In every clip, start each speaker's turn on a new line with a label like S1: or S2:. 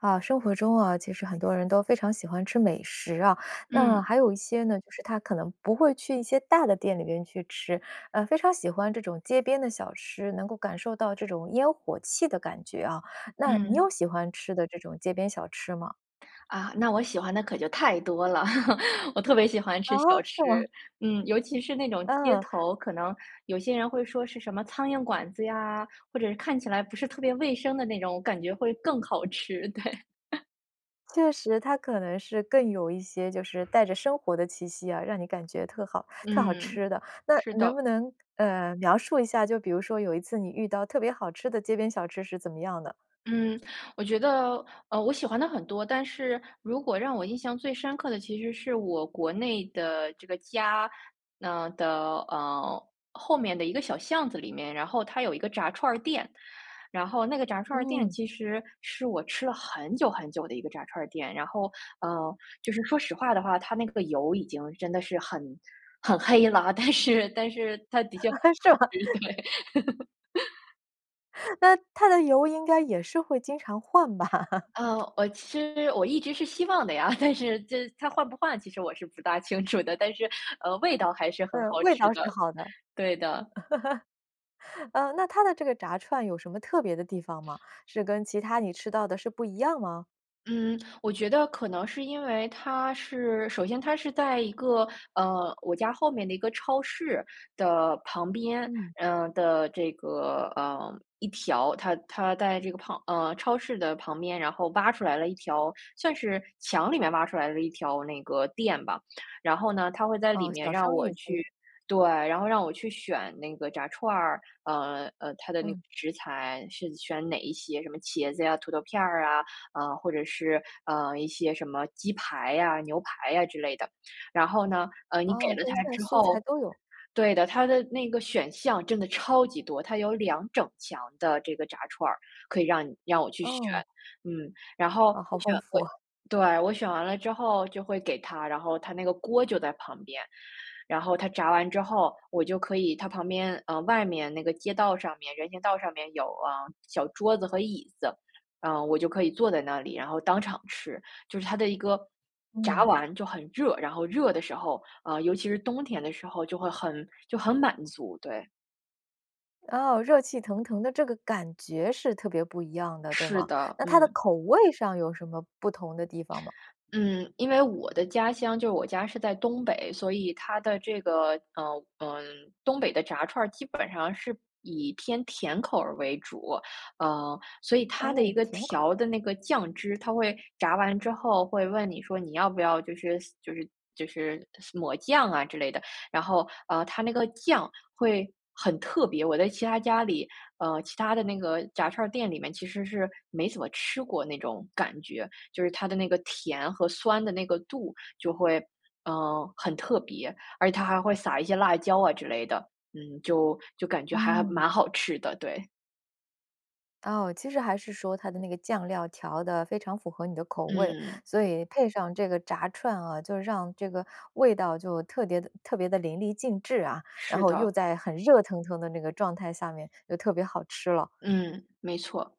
S1: 啊，生活中啊，其实很多人都非常喜欢吃美食啊，那
S2: 嗯。
S1: 还有一些呢，就是他可能不会去一些大的店里边去吃，呃，非常喜欢这种街边的小吃，能够感受到这种烟火气的感觉啊。那你有
S2: 嗯。
S1: 喜欢吃的这种街边小吃吗？
S2: 啊，那我喜欢的可就太多了。我特别喜欢
S1: 啊？
S2: 吃小
S1: 是吗？
S2: 吃，嗯，尤其是那种街
S1: 嗯。
S2: 头，可能有些人会说是什么苍蝇馆子呀，或者看起来不是特别卫生的那种，我感觉会更好吃，对。
S1: 确实，它可能是更有一些就是带着生活的气息啊，让你感觉特好特好
S2: 嗯，
S1: 吃的。那
S2: 是
S1: 能不
S2: 的。
S1: 能，呃，描述一下，就比如说有一次你遇到特别好吃的街边小吃是怎么样的？
S2: 嗯，我觉得，呃，我喜欢的很多，但是如果让我印象最深刻的其实是我国内的这个家，呃，的，呃，后面的一个小巷子里面，然后它有一个炸串儿店。然后那个炸串儿店
S1: 嗯。
S2: 其实是我吃了很久很久的一个炸串儿店，然后，呃，就是说实话的话，它那个油已经真的是很很黑了，但是但是它的确好
S1: 是吗？
S2: 吃，对。
S1: 那它的油应该也是会经常换吧？
S2: 呃，我其实我一直是希望的呀。但是这它换不换，其实我是不大清楚的，但是，呃，味道还是很
S1: 嗯，
S2: 好
S1: 味
S2: 吃
S1: 道是
S2: 的，
S1: 好的。
S2: 对的。
S1: 呃，那它的这个炸串有什么特别的地方吗？是跟其它你吃到的是不一样吗？
S2: 嗯，我觉得可能是因为它是首先它是在一个，呃，我家后面的一个超市的旁边，
S1: 嗯。
S2: 呃，的这个，呃，一条它它在这个旁呃，超市的旁边，然后挖出来了一条算是墙里面挖出来了一条那个店吧。然后呢，它会在里
S1: 哦，
S2: 面
S1: 小
S2: 让
S1: 商
S2: 我
S1: 业
S2: 去
S1: 街。
S2: 对，然后让我去选那个炸串儿，呃呃，它的那个
S1: 嗯。
S2: 食材是选哪一些，什么茄子呀、土豆片儿啊，啊，或者是，呃，一些什么鸡排呀、牛排呀之类的。然后呢，呃，你给
S1: 哦，
S2: 了
S1: 荤
S2: 他
S1: 菜、
S2: 之
S1: 素菜
S2: 后
S1: 都有。
S2: 对的，它的那个选项真的超级多，它有2整墙的这个炸串儿，可以让你让我去选，
S1: 哦。
S2: 嗯。然
S1: 哦，
S2: 后你
S1: 好丰
S2: 选过
S1: 富哦。
S2: 对。我选完了之后就会给他，然后它那个锅就在旁边。然后他炸完之后，我就可以它旁边呃，外面那个街道上面人行道上面有，啊，小桌子和椅子，呃，我就可以坐在那里，然后当场吃。就是它的一个炸
S1: 嗯。
S2: 完就很热，然后热的时候呃，尤其是冬天的时候就会很就很满足，对。
S1: 哦，热气腾腾的这个感觉是特别不一样的，对
S2: 是
S1: 吗？
S2: 的，
S1: 那它的
S2: 嗯。
S1: 口味上有什么不同的地方吗？
S2: 嗯，因为我的家乡就我家是在东北，所以它的这个，呃，嗯，东北的炸串儿基本上是以偏甜口儿为主。嗯，所以它的一
S1: 哦，
S2: 个
S1: 甜
S2: 调
S1: 口。
S2: 的那个酱汁，它会炸完之后会问你说你要不要就是就是就是抹酱啊之类的。然后，呃，它那个酱会很特别，我在其他家里，呃，其他的那个炸串儿店里面其实是没怎么吃过那种感觉。就是它的那个甜和酸的那个度就会，呃，很特别，而且它还会撒一些辣椒啊之类的，嗯，就就感觉还
S1: 嗯。
S2: 蛮好吃的，对。
S1: 哦，其实还是说它的那个酱料调得非常符合你的口味，
S2: 嗯。
S1: 所以配上这个炸串啊，就让这个味道就特别地特别地淋漓尽致啊。然
S2: 是
S1: 后又
S2: 的。
S1: 在很热腾腾的那个状态下面又特别好吃了。
S2: 嗯，没错。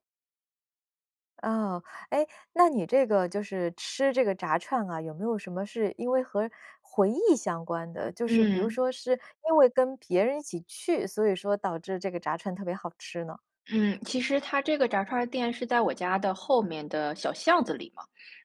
S1: 哦，诶，那你这个就是吃这个炸串啊，有没有什么是因为和回忆相关的？就是比如
S2: 嗯。
S1: 说是因为跟别人一起去，所以说导致这个炸串特别好吃呢？
S2: 嗯，其实它这个炸串儿店是在我家的后面的小巷子里嘛。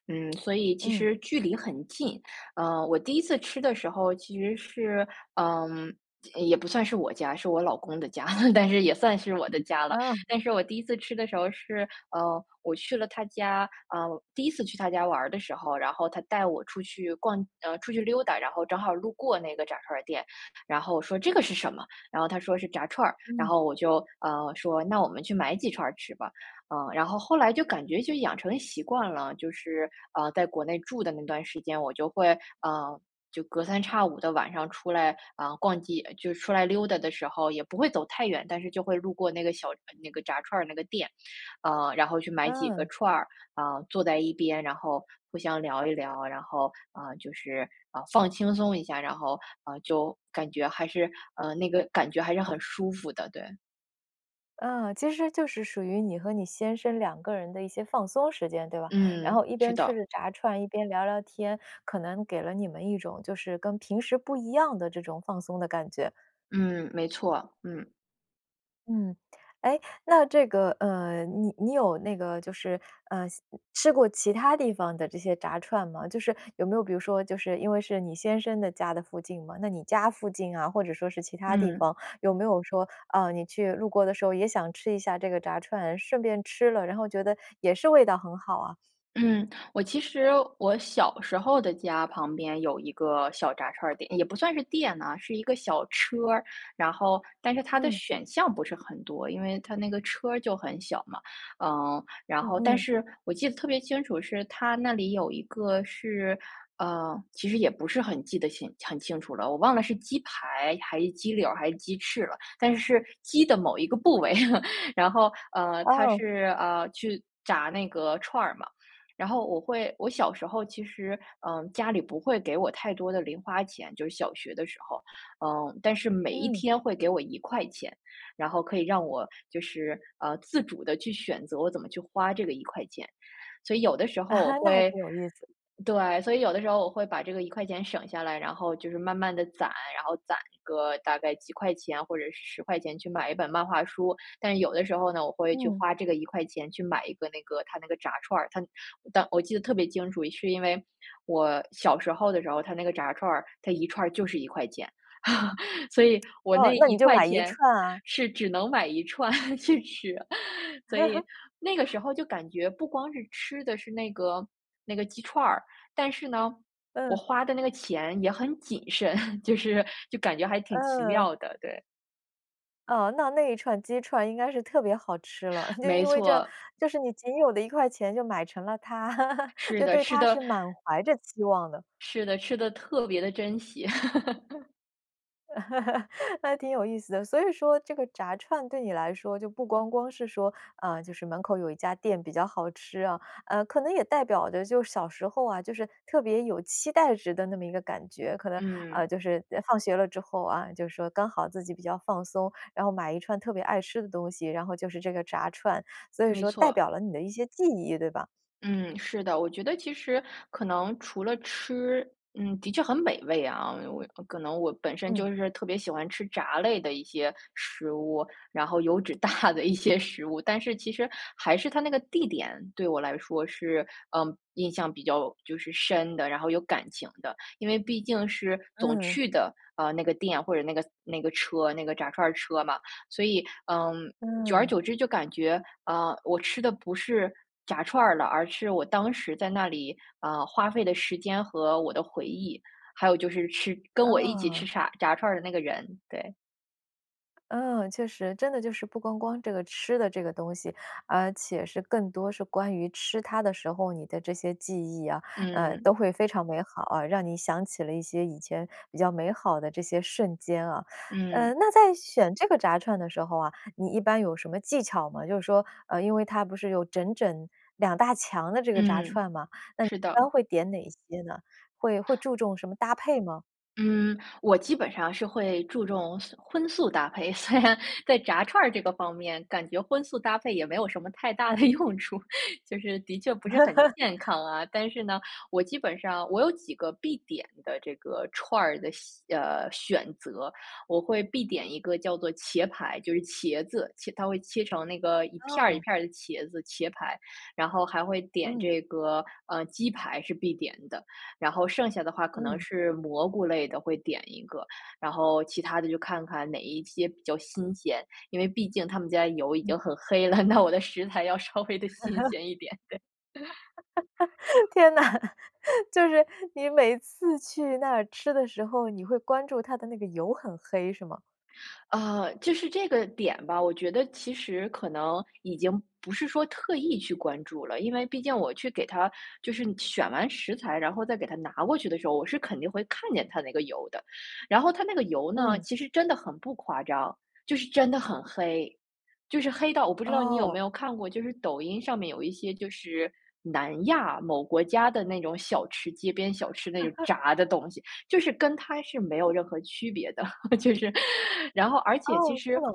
S2: 嗯，所以其
S1: 嗯。
S2: 实距离很近，呃，我第1次吃的时候其实是，嗯，也不算是我家，是我老公的家，但是也算是我的家了。
S1: 嗯。
S2: 但是我第1次吃的时候是，呃，我去了他家，呃，第1次去他家玩儿的时候，然后他带我出去逛，呃，出去溜达，然后正好路过那个炸串儿店，然后我说这个是什么？然后他说是炸串儿，然
S1: 嗯。
S2: 后我就，呃，说：“那我们去买几串儿吃吧。”嗯，然后后来就感觉就养成了习惯了，就是，呃，在国内住的那段时间，我就会，呃，就隔三差五的晚上出来，啊，逛街就出来溜达的时候也不会走太远，但是就会路过那个小那个炸串儿那个店。呃，然后去买几个
S1: 嗯。
S2: 串儿，啊，坐在一边，然后互相聊一聊，然后，呃，就是，啊，放轻松一下，然后，呃，就感觉还是，呃，那个感觉还是很舒服的，对。
S1: 嗯，其实就是属于你和你先生2个人的一些放松时间，对吧？然
S2: 嗯，
S1: 后一
S2: 是
S1: 边吃
S2: 的。
S1: 着炸串，一边聊聊天，可能给了你们一种就是跟平时不一样的这种放松的感觉。
S2: 嗯，没错，嗯。
S1: 嗯。诶，那这个，呃，你你有那个就是，呃，像吃过其它地方的这些炸串吗？就是有没有比如说就是因为是你先生的家的附近嘛，那你家附近啊，或者说是其它地
S2: 嗯。
S1: 方，有没有说，呃，你去路过的时候也想吃一下这个炸串，顺便吃了，然后觉得也是味道很好啊？
S2: 嗯，我其实我小时候的家旁边有一个小炸串儿店，也不算是店啊，是一个小车儿，然后但是它的
S1: 嗯。
S2: 选项不是很多，因为它那个车儿就很小嘛。嗯，然
S1: 嗯
S2: 后但
S1: 嗯。
S2: 是我记得特别清楚，是它那里有一个是呃，其实也不是很记得清很清楚了，我忘了是鸡排还是鸡柳儿还是鸡翅了，但是是鸡的某一个部位。然后，呃，它
S1: 哦。
S2: 是，呃，去炸那个串儿嘛，然后我会我小时候其实，嗯，家里不会给我太多的零花钱就是小学的时候。嗯，但是每一
S1: 嗯。
S2: 天会给我¥1，然后可以让我就是，呃，自主地去选择我怎么去花这个¥1。所以有的时候我
S1: 那还
S2: 会
S1: 挺有意思。
S2: 对，所以有的时候我会把这个¥1省下来，然后就是慢慢地攒，然后攒个大概几块钱或者是¥10去买一本漫画书。但是有的时候呢，我会去
S1: 嗯。
S2: 花这个¥1去买一个那个它那个炸串儿，它当我记得特别清楚是因为我小时候的时候儿它那个炸串儿，它1串就是¥1。所以我
S1: 哦，
S2: 那
S1: 那
S2: 一
S1: 你就
S2: 块
S1: 买一
S2: 钱
S1: 串啊。
S2: 是只能买1串去吃啊。所以 那个时候就感觉不光是吃的是那个那个鸡串儿，但是呢，我
S1: 嗯。
S2: 花的那个钱也很谨慎，就是就感觉还挺奇
S1: 嗯。
S2: 妙的，对。
S1: 哦，那那一串鸡串应该是特别好吃了，嗯，就
S2: 没
S1: 因为这
S2: 错。
S1: 就是你仅有的1块钱就买成了它，
S2: 是
S1: 就
S2: 的，
S1: 对
S2: 吃
S1: 它
S2: 得
S1: 是满怀着期望的。
S2: 是的，吃得特别地珍惜。
S1: 嗯，挺有意思的，所以说这个炸串，对你来说就不光光是说呃，就是门口有一家店比较好吃啊。呃，可能也代表的就是小时候啊，就是特别有期待值的那么一个感觉。可能呃，
S2: 嗯。
S1: 就是放学了之后啊，就说刚好自己比较放松，然后买一串特别爱吃的东西，然后就是这个炸串，所以
S2: 没
S1: 说代
S2: 错。
S1: 表了你的一些记忆，对吧？
S2: 嗯，是的。我觉得其实，可能除了吃，嗯，的确很美味啊。我也可能我本身
S1: 嗯。
S2: 就是特别喜欢吃炸类的一些食物，然后油脂大的一些食物，但是其实还是它那个地点，对我来说是呃，印象比较就是深的，然后有感情的。因为毕竟是总
S1: 嗯。
S2: 去的，呃，那个店或者那个那个车，那个炸串儿车嘛。所以嗯，久而
S1: 嗯。
S2: 久之就感觉，啊，我吃的不是炸串儿了，而是我当时在那里呃，花费的时间和我的回忆，还有就是吃跟我一起吃
S1: 哦。
S2: 炸炸串儿的那个人。对。
S1: 嗯，确实，真的就是不光光这个吃的这个东西，而且是更多是关于吃它的时候，你的这些记忆啊，呃，
S2: 嗯。
S1: 都会非常美好啊，让你想起了一些以前比较美好的这些瞬间啊。呃，
S2: 嗯。
S1: 那在选这个炸串的时候啊，你一般有什么技巧吗？就是说呃，因为它不是有整整2大墙的这个炸
S2: 嗯，
S1: 串吗，那你
S2: 是
S1: 一
S2: 的。
S1: 般会点哪些呢？会会注重什么搭配吗？
S2: 嗯，我基本上是会注重素荤素搭配，虽然在炸串儿这个方面，感觉荤素搭配也没有什么太大的用处，就是的确不是很健康啊。但是呢，我基本上我有几个必点的这个串儿的喜呃，选择。我会必点一个叫做茄排，就是茄子。切它会切成那个一片儿一
S1: 哦。
S2: 片儿的茄子，茄排，然后还会点
S1: 嗯。
S2: 这个呃，鸡排是必点的，然后剩下的话，可能
S1: 嗯。
S2: 是蘑菇类的，会点一个。然后，其它的，就看看哪一些比较新鲜，因为毕竟他们家油已
S1: 嗯。
S2: 经很黑了，那我的食材要稍微地新鲜一点，对。
S1: 天呐！就是你每次去那儿吃的时候，你会关注它的那个油很黑，是吗？
S2: 呃，就是这个点吧，我觉得其实可能，已经不是说特意去关注了，因为毕竟我去给它就是选完食材，然后再给它拿过去的时候，我是肯定会看见它那个油的。然后它那个油呢，
S1: 嗯。
S2: 其实真的很不夸张，就是真的很黑。就是黑到我不知道你有
S1: 哦。
S2: 没有看过，就是抖音上面有一些就是南亚某国家的那种小吃，街边小吃。那种炸的东西，就是跟它是没有任何区别的。就是然后而且其
S1: 哦，是
S2: 实
S1: 吗？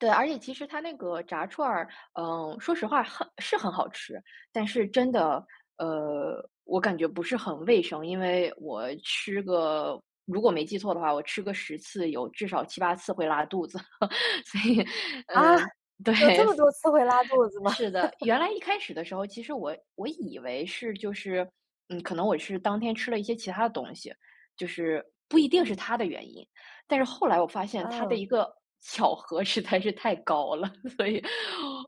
S2: 对，而且其实它那个炸串儿，嗯，说实话很是很好吃，但是真的呃，我感觉不是很卫生。因为我吃个如果没记错的话，我吃个10次有至少7、8次会拉肚子，所以
S1: 啊，
S2: 嗯，对。
S1: 有这么多次会拉肚子吗？
S2: 是的，原来一开始的时候，其实我我以为是就是嗯，可能我是当天吃了一些其它的东西，就是不一定是
S1: 嗯。
S2: 它的原因。但是后来我发现，它的
S1: 嗯。
S2: 一个巧合实在是太高了，所以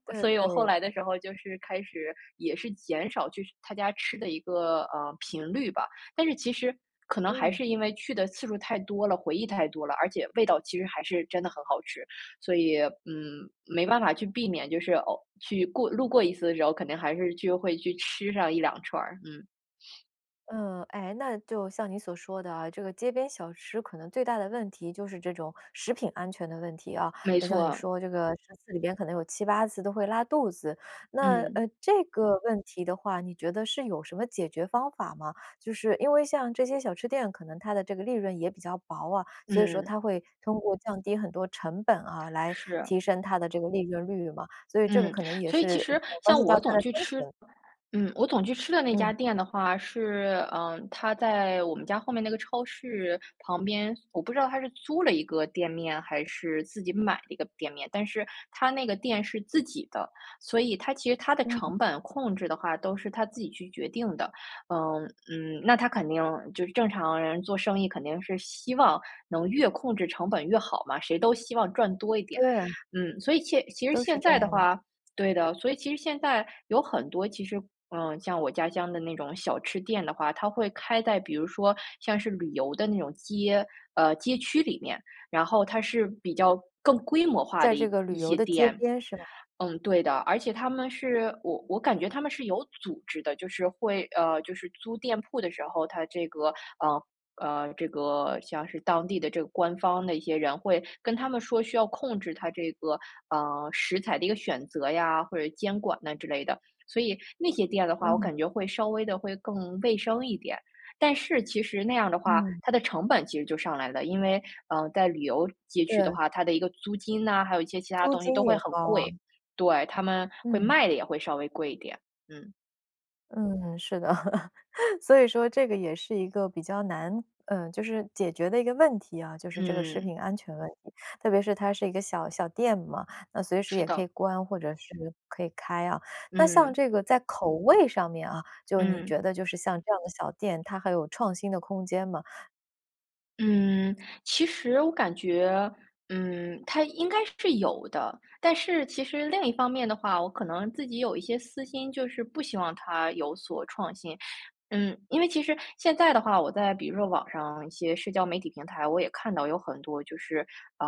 S1: 对
S2: 所以我后
S1: 对。
S2: 来的时候，就是开始也是减少去它家吃的一个呃，频率吧。但是其实，可能还
S1: 嗯。
S2: 是因为去的次数太多了，回忆太多了，而且味道其实还是真的很好吃，所以嗯，没办法去避免，就是偶去过路过一次的时候，肯定还是就会去吃上1、2串儿，嗯。
S1: 呃，诶？那就像你所说的啊，这个街边小吃可能最大的问题就是这种食品安全的问题啊。
S2: 没
S1: 就像你
S2: 错。
S1: 说的这个10次里边可能有7-8次都会拉肚子。那，呃，
S2: 嗯。
S1: 这个问题的话，你觉得是有什么解决方法吗？就是因为像这些小吃店，可能它的这个利润也比较薄啊，所以说
S2: 嗯。
S1: 它会通过降低很多成本啊，来
S2: 是。
S1: 提升它的这个利润率嘛。所以这个
S2: 嗯，
S1: 可能也
S2: 所以其
S1: 是
S2: 实
S1: 关
S2: 像
S1: 系到
S2: 我
S1: 它
S2: 总
S1: 的
S2: 去
S1: 生
S2: 吃
S1: 存。
S2: 嗯，我总去吃的那
S1: 嗯。
S2: 家店的话是，呃，它在我们家后面那个超市旁边，我不知道它是租了一个店面还是自己买了一个店面，但是它那个店是自己的，所以它其实它的
S1: 嗯。
S2: 成本控制的话都是它自己去决定的。呃，嗯，那它肯定就是正常人做生意，肯定是希望能越控制成本越好嘛，谁都希望赚多一点。
S1: 对。
S2: 嗯，所以现其实
S1: 都是
S2: 现
S1: 这
S2: 在
S1: 样
S2: 的
S1: 的。
S2: 话对的，所以其实现在有很多，其实，嗯，像我家乡的那种小吃店的话，它会开在比如说像是旅游的那种街呃，街区里面，然后它是比较更规模化
S1: 在
S2: 的
S1: 这
S2: 一
S1: 个
S2: 一
S1: 旅游
S2: 些
S1: 的街
S2: 店。
S1: 边，是吧？
S2: 嗯，对的，而且他们是我我感觉它们是有组织的，就是会呃，就是租店铺的时候，它这个呃，嗯，这个像是当地的这个官方的一些人会跟他们说需要控制它这个，呃，食材的一个选择呀，或者监管呢之类的。所以那些店的话，我
S1: 嗯。
S2: 感觉会稍微地会更卫生一点。但是其实那样的话，
S1: 嗯。
S2: 它的成本其实就上来了，因为，呃，在旅游街区的
S1: 对。
S2: 话，它的一个租金呐，还有一些其它的
S1: 租
S2: 东西都
S1: 金
S2: 会
S1: 也
S2: 很
S1: 高
S2: 贵。
S1: 啊。
S2: 对，它们会
S1: 嗯。
S2: 卖得也会稍微贵一点。嗯。
S1: 嗯，是的，所以说，这个也是一个比较难呃，就是解决的一个问题啊，就是这个食
S2: 嗯。
S1: 品安全问题。特别是它是一个小小店嘛，那随时
S2: 是
S1: 也可
S2: 的。
S1: 以关，或者是可以开啊。那像
S2: 嗯。
S1: 这个在口味上面啊，就你
S2: 嗯。
S1: 觉得就是像这样的小店，它还有创新的空间吗？
S2: 嗯，其实我感觉嗯，它应该是有的，但是其实另一方面的话，我可能自己有一些私心，就是不希望它有所创新。嗯，因为其实现在的话，我在比如说网上一些社交媒体平台，我也看到有很多就是呃，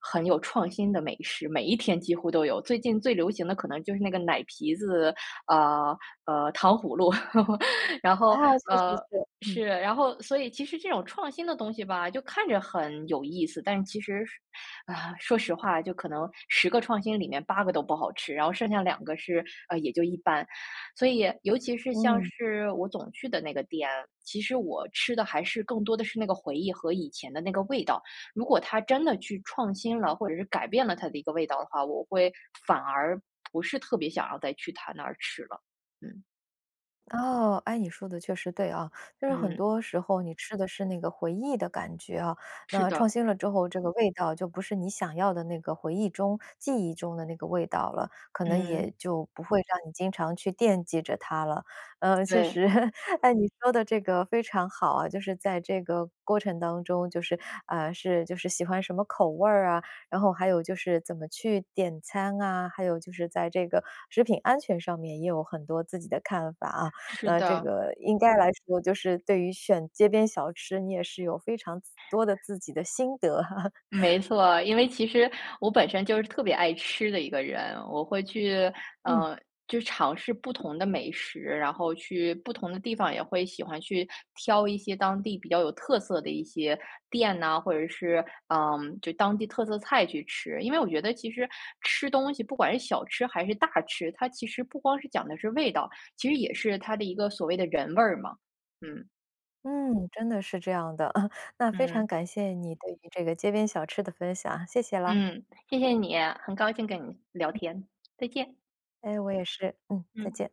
S2: 很有创新的美食，每一天几乎都有。最近最流行的，可能就是那个奶皮子呃，呃，糖葫芦。然
S1: 啊，
S2: 后
S1: 是是
S2: 呃，
S1: 是。嗯。
S2: 是，然后所以其实这种创新的东西吧，就看着很有意思，但是其实啊，说实话，就可能10个创新里面8个都不好吃，然后剩下2个是呃，也就一般。所以，尤其是，像
S1: 嗯。
S2: 是我总去的那个店，其实我吃的还是更多的是那个回忆和以前的那个味道。如果它真的去创新了，或者是改变了它的一个味道的话，我会反而不是特别想要再去它那儿吃了。嗯。
S1: 哦，诶，你说的确实对啊，就是很
S2: 嗯。
S1: 多时候你吃的是那个回忆的感觉啊，
S2: 是
S1: 那创
S2: 的。
S1: 新了之后，这个味道就不是你想要的那个回忆中、记忆中的那个味道了，可能
S2: 嗯。
S1: 也就不会让你经常去惦记着它了。呃，确
S2: 对。
S1: 实，诶，你说的这个非常好啊，就是在这个过程当中，就是，啊，是就是喜欢什么口味儿啊，然后还有就是怎么去点餐啊，还有就是在这个食品安全上面也有很多自己的看法啊，
S2: 是
S1: 那这
S2: 的。
S1: 个应该来说就是对于选街边小吃，你也是有非常自多的自己的心得。
S2: 没错，因为其实我本身就是特别爱吃的一个人，我会去
S1: 嗯。
S2: 呃，就尝试不同的美食，然后去不同的地方也会喜欢去挑一些当地比较有特色的一些店呐，或者是，嗯，就当地特色菜去吃。因为我觉得其实吃东西不管是小吃还是大吃，它其实不光是讲的是味道，其实也是它的一个所谓的人味儿嘛。嗯。
S1: 嗯，真的是这样的。那非常
S2: 嗯。
S1: 感谢你对于这个街边小吃的分享，谢谢啦。
S2: 嗯，谢谢你。很高兴跟你聊天，再见。
S1: 哎，我也是。嗯，再
S2: 嗯。
S1: 见。